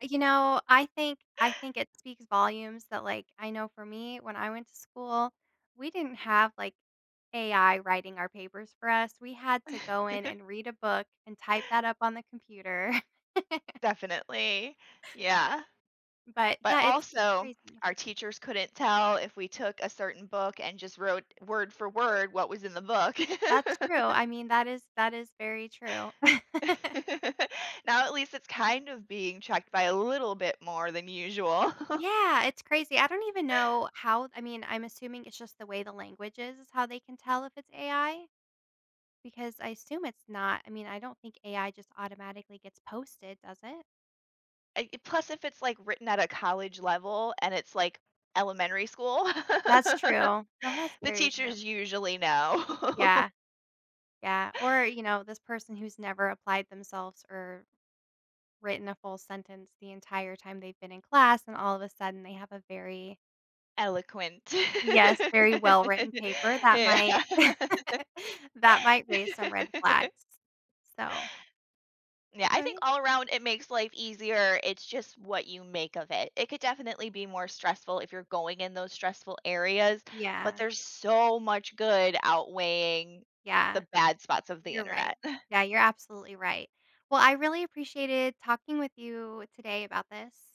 You know, I think I think it speaks volumes that, like, I know for me when I went to school, we didn't have, like, AI writing our papers for us. We had to go in and read a book and type that up on the computer. Definitely, yeah. But, But yeah, it's also crazy. our teachers couldn't tell if we took a certain book and just wrote word for word what was in the book. That's true. I mean, that is that is very true. Now at least it's kind of being checked by a little bit more than usual. Yeah, it's crazy. I don't even know how I mean, I'm assuming it's just the way the language is, is how they can tell if it's AI because I assume it's not I mean, I don't think AI just automatically gets posted, does it? Eh i plus, if it's, like, written at a college-level and it's like elementary school, That's true. the No, that's very true. teachers usually know. Yeah. Yeah, or, you know this person who's never applied themselves or written a full sentence the entire time they've been in class and all of a sudden they have a very Eloquent. Yes, very well-written paper that Yeah. might that might raise some red flags. So Yeah, I think Sorry? all around it makes life easier, it's just what you make of it. It could definitely be more stressful, if you're going in those stressful areas, but Yeah. there's so much good outweighing Yeah. the bad spots of the You're right. internet. Yeah, you're absolutely right. Well, I really appreciated talking with you today about this.